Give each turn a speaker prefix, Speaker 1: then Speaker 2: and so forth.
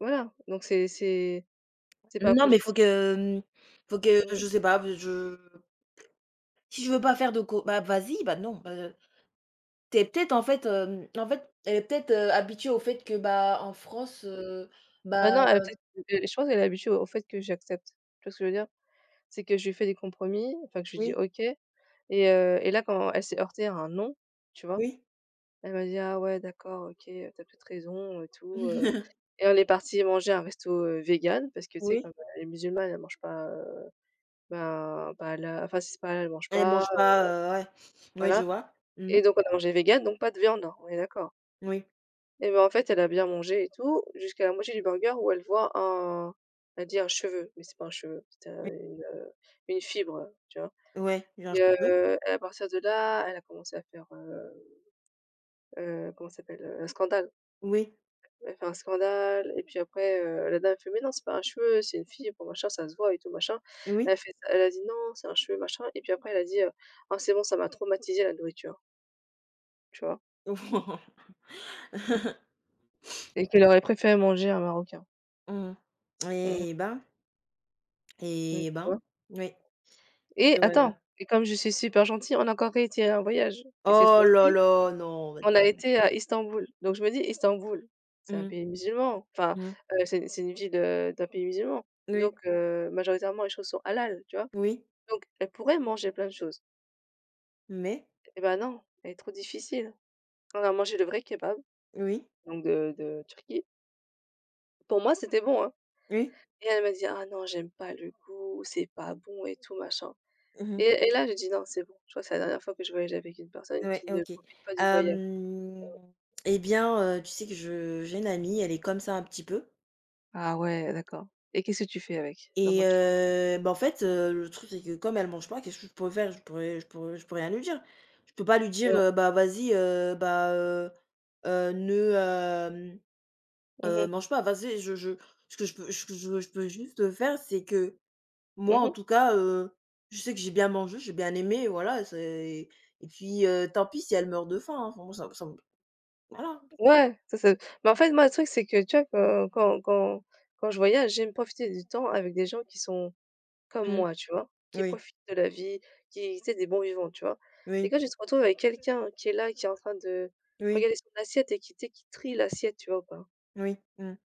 Speaker 1: Voilà. Donc c'est c'est c'est pas
Speaker 2: Non, mais
Speaker 1: producti
Speaker 2: faut que, mmh, faut que
Speaker 1: Mmh.
Speaker 2: je sais pas, pe je Si je veux pas faire de co bah, vas-y, bah, non, bah, heu. Tu es peut-être en fait, hem en fait, elle est peut-être, heu, habituée au fait que, bah, en France,
Speaker 1: Heu
Speaker 2: heu, bah,
Speaker 1: bah, non, elle a
Speaker 2: heu
Speaker 1: peut-être, heu, de je pense qu'elle est habituée au fait que j'accepte, tu vois ce que je veux dire? C'est que je lui fais des compromis, enfin, que je lui dis
Speaker 2: Oui.
Speaker 1: OK et heu, et là quand elle s'est heurtée à un «non», tu vois,
Speaker 2: Oui.
Speaker 1: elle m'a dit: «Ah ouais d'accord OK, heu, tu as peut être raison et tout, heu», et on est parties manger un resto, heu, végan, parce que tu sais,
Speaker 2: Oui.
Speaker 1: comme elle est musulmane elle mange pas, heu, bah, bah, là enfin, si c'est pas halal elle mange
Speaker 2: Elle
Speaker 1: pas,
Speaker 2: mange
Speaker 1: heu
Speaker 2: pas, heu ouais oui je
Speaker 1: voilà.
Speaker 2: vois, mmh.
Speaker 1: Et donc on a mangé végan, donc pas de viande, on est d'accord?
Speaker 2: Oui.
Speaker 1: Et bah en fait, elle a bien mangé et tout jusqu'à la moitié du burger où elle voit un elle dit un cheveu, mais c'est pas un cheveu, c'était un
Speaker 2: Oui
Speaker 1: une, heu, une fibre, heu, tu vois?
Speaker 2: Ouais, «J'ai un
Speaker 1: Et
Speaker 2: cheveu».
Speaker 1: heu, et à partir de là, elle a commencé à faire, heu, heu, comment ça s'appelle? Heu, un scandale.
Speaker 2: Oui.
Speaker 1: Elle a fait un scandale et puis après, heu, la dame elle fait: «Mais non, c'est pas un cheveu, c'est une fibre, machin, ça se voit et tout, machin.»
Speaker 2: Oui.
Speaker 1: Elle fait ça elle a dit: «Non, c'est un cheveu, machin.» et puis après elle a dit: «Oh c'est bon, ça m'a traumatisée, la nourriture». Tu vois? Et qu'elle aurait préféré manger un marocain.
Speaker 2: Mmh mh,
Speaker 1: Mmh mh.
Speaker 2: eh ben!
Speaker 1: Mmh,
Speaker 2: Eh
Speaker 1: tu
Speaker 2: ben!
Speaker 1: vois?
Speaker 2: Moui.
Speaker 1: Et attends:
Speaker 2: je
Speaker 1: et comme je suis super gentille on a encore réitéré un voyage et cette
Speaker 2: Oh là
Speaker 1: fois-ci
Speaker 2: là! Non, vas-y.
Speaker 1: on a
Speaker 2: [unintelligible]
Speaker 1: été à Istanbul. Donc je me dis: «Istanbul, c'est un pays
Speaker 2: Mmh.
Speaker 1: musulman, enfin, heu, c'est c'est une ville, heu, d'un pays musulman». Donc,
Speaker 2: Oui.
Speaker 1: heu, majoritairement les choses sont halal, tu vois?
Speaker 2: Oui.
Speaker 1: Donc, elle pourrait manger plein de choses.
Speaker 2: Mais?
Speaker 1: Eh bah non, elle est trop difficile. Quand on a mangé le vrai kebab,
Speaker 2: Oui.
Speaker 1: donc de de Turquie pour moi c'était bon, hein.
Speaker 2: Oui.
Speaker 1: Et elle m'a dit: «Ah non j'aime pas le goût, c'est pas bon et tout, machin»
Speaker 2: Mmh mh.
Speaker 1: et et là j'ai dit: «Non, c'est bon». Tu vois? «C'est la dernière fois que je voyage avec une personne
Speaker 2: Ouais,
Speaker 1: qui ne
Speaker 2: OK.
Speaker 1: profite pas du voyage».
Speaker 2: Hem, eh bien, heu, tu sais que je j'ai une amie, elle est comme ça un petit peu
Speaker 1: Ah ouais, d'accord. Et qu'est-ce que tu fais avec?
Speaker 2: et
Speaker 1: Comment tu
Speaker 2: heu, bah en fait, heu, le truc, c'est que comme elle mange pas, qu'est-ce que je pourrais faire? Je pourrais je pourrais je peux rien lui dire. Je peux pas lui dire,
Speaker 1: Ouais.
Speaker 2: heu: «Bah vas-y, heu, bah, heu, heu, ne, hem,
Speaker 1: Mmh
Speaker 2: heu,
Speaker 1: mh.
Speaker 2: mange pas». Vas-y, je je ce que je peux ce que je veux je peux juste faire, c'est que, moi
Speaker 1: Mmh
Speaker 2: en
Speaker 1: mh.
Speaker 2: tout cas, heu, je sais que j'ai bien mangé, j'ai bien aimé, voilà, c'est et puis, heu, tant pis, si elle meurt de faim, hein enfin, moi ça m ça m voilà.
Speaker 1: Ouais, ça c'est mais en fait, moi le truc c'est que, tu vois quand quand quand quand je voyage, j'aime profiter du temps avec des gens qui sont comme
Speaker 2: Mmh.
Speaker 1: moi, tu vois? Qui
Speaker 2: Oui.
Speaker 1: profitent de la vie, qui tu sais des bons vivants, tu vois?
Speaker 2: Oui.
Speaker 1: Et quand tu te retrouves avec quelqu'un qui est là et qui est en train de
Speaker 2: Oui.
Speaker 1: regarder son assiette et qui, tu sais, qui trie l'assiette, tu vois ou pas?
Speaker 2: Oui, mmh.